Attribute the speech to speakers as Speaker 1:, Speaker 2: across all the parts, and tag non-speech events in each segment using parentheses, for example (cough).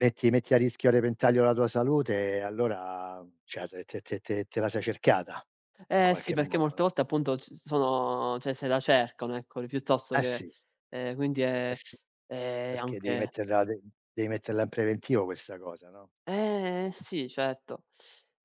Speaker 1: E ti metti a rischio a repentaglio la tua salute e allora cioè se te te te te la sei cercata in
Speaker 2: Eh sì,
Speaker 1: qualche
Speaker 2: perché
Speaker 1: modo,
Speaker 2: molte
Speaker 1: no?
Speaker 2: volte appunto c sono cioè se la cercano, eccoli, piuttosto
Speaker 1: Eh
Speaker 2: che
Speaker 1: sì.
Speaker 2: ehm, quindi
Speaker 1: Eh
Speaker 2: è
Speaker 1: sì,
Speaker 2: è
Speaker 1: perché dei
Speaker 2: anche
Speaker 1: metterla de dei metterla in preventivo questa cosa, no?
Speaker 2: Eh sì certo.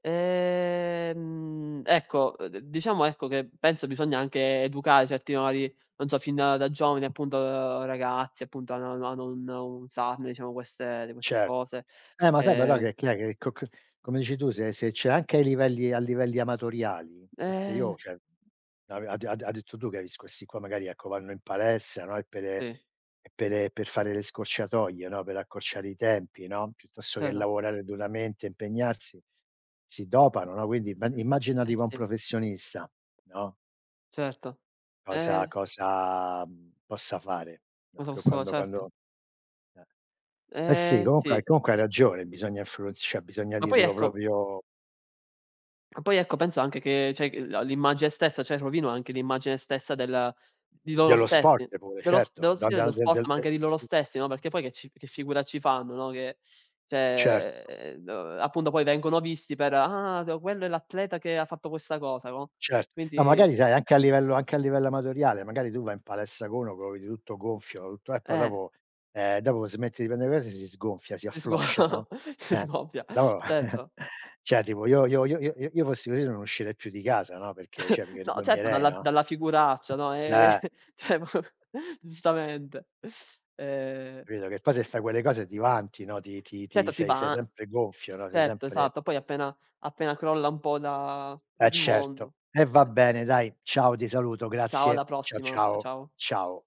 Speaker 2: Ehm, ecco, uhm, d diciamo, ecco, che penso bisogna anche educare certi valori, non so fin da giovani, appunto ragazzi appunto, ano ano ano un usarne, diciamo, queste di queste
Speaker 1: Cer
Speaker 2: cose,
Speaker 1: Eh ma sai però,
Speaker 2: ehm.
Speaker 1: che chi è che co c come dici tu se se c'è anche ai livelli a livelli amatoriali, perché
Speaker 2: Eh.
Speaker 1: io cioè, avea ha d ha detto tu, che ha vis questi qua, magari ecco, vanno in palestra, no? E pere
Speaker 2: Sì.
Speaker 1: e pere per fare le scorciatoie, no, per accorciare i tempi, no? Piuttosto che
Speaker 2: (unintelligible)
Speaker 1: lavorare duramente, impegnarsi, si dopano, no? Quindi imma immagina
Speaker 2: Eh,
Speaker 1: tipo un
Speaker 2: sì.
Speaker 1: professionista, no?
Speaker 2: Certo.
Speaker 1: Cosa
Speaker 2: Eh!
Speaker 1: cosa, mhmm, possa fare? No, che
Speaker 2: (unintelligible)
Speaker 1: quando
Speaker 2: Certo.
Speaker 1: quando eh. Eh sì,
Speaker 2: Eh,
Speaker 1: comunque
Speaker 2: sì.
Speaker 1: comunque hai ragione, bisogna influenz cioè bisogna
Speaker 2: Ma poi,
Speaker 1: dirlo
Speaker 2: ecco
Speaker 1: proprio
Speaker 2: Ah poi ecco, penso anche che cioè g la l'immagine stessa cioè rovino anche l'immagine stessa della di loro
Speaker 1: Dello sport
Speaker 2: stessi,
Speaker 1: pure,
Speaker 2: dello s
Speaker 1: certo,
Speaker 2: dello
Speaker 1: dan
Speaker 2: stile,
Speaker 1: dan
Speaker 2: lo
Speaker 1: del
Speaker 2: sport,
Speaker 1: del
Speaker 2: ma
Speaker 1: de
Speaker 2: anche di loro
Speaker 1: sì.
Speaker 2: stessi, no, perché poi che ci che figura ci fanno, no? Che
Speaker 1: Cer
Speaker 2: cioè do appunto poi vengono visti per: "Ah d quello è l'atleta che ha fatto questa cosa." No?
Speaker 1: Cert no,
Speaker 2: Quindi
Speaker 1: magari sai, anche a livello anche a livello amatoriale, magari tu vai in palestra co uno, ch o vedi tutto gonfio, tutto, eh, e poi
Speaker 2: Eh.
Speaker 1: dopo ehm, dopo smetti di pende cose e si sgonfia, si
Speaker 2: Sgo
Speaker 1: affloscia, no?
Speaker 2: s
Speaker 1: Eh.
Speaker 2: scoppia.
Speaker 1: No. (chuckles)
Speaker 2: Certo.
Speaker 1: Cioè tipo io io io io io io fossi così non uscirei più di casa, no, perché cioè, mi
Speaker 2: (chuckles) No certo,
Speaker 1: vergognerei,
Speaker 2: dalla v
Speaker 1: no?
Speaker 2: dalla figuraccia, no. Eh,
Speaker 1: Eh!
Speaker 2: cioè giustamente. E
Speaker 1: Capito, che poi se fai quelle cose, ti vanti, no? Ti ti ti
Speaker 2: Certo, ti
Speaker 1: sei sei
Speaker 2: va
Speaker 1: sempre gonfio, no, sei
Speaker 2: Tetto,
Speaker 1: sempre
Speaker 2: esatto, poi appena appena crolla un po' da
Speaker 1: Eh
Speaker 2: il
Speaker 1: certo,
Speaker 2: mondo
Speaker 1: e va bene dai. Ciao ti saluto,
Speaker 2: Ciao, alla
Speaker 1: grazie. Ciao,
Speaker 2: prossima. C
Speaker 1: ciao,
Speaker 2: ciao.
Speaker 1: ciao.